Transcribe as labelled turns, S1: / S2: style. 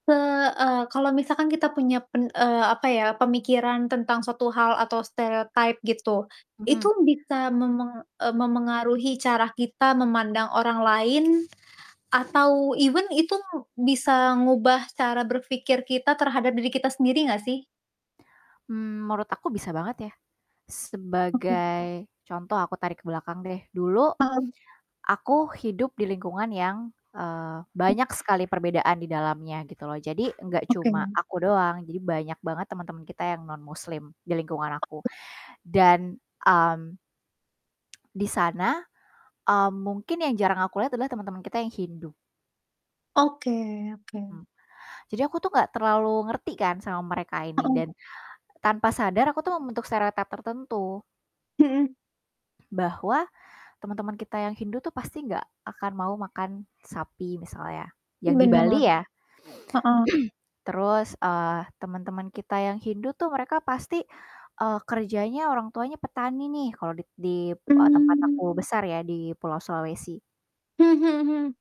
S1: Heeh, kalau misalkan kita punya pen eee, apa ya, pemikiran tentang suatu hal atau stereotype gitu, itu
S2: Mhm.
S1: bisa memeng eee, memengaruhi cara kita memandang orang lain atau even itu bisa ngubah cara berpikir kita terhadap diri kita sendiri nggak sih?
S2: Hmm, menurut aku bisa banget ya.
S1: Oke.
S2: Sebagai contoh, aku tarik ke belakang deh. Dulu
S1: Hmm.
S2: aku hidup di lingkungan yang, eee, banyak sekali perbedaan di dalamnya gitu loh, jadi enggak
S1: Oke.
S2: cuma aku doang, jadi banyak banget teman-teman kita yang nonmuslim di lingkungan aku dan, mmm di sana, mmm, mungkin yang jarang aku lihat adalah teman-teman kita yang Hindu.
S1: Oke oke.
S2: Mhm. Jadi aku tuh gak terlalu ngerti kan sama mereka ini
S1: Mhm.
S2: dan tanpa sadar aku tuh membentuk stereotype tertentu.
S1: Mhm.
S2: Bahwa teman-teman kita yang Hindu tuh, pasti nggak akan mau makan sapi misalnya, yang di
S1: Bener,
S2: Bali ya.
S1: heeh.
S2: Terus, eee, teman-teman kita yang Hindu tuh mereka pasti, eee, kerjanya orang tuanya petani nih, kalau di di, eee, tempat
S1: Mmm.
S2: aku besar ya, di Pulau Sulawesi.
S1: Hmm hmm hmm.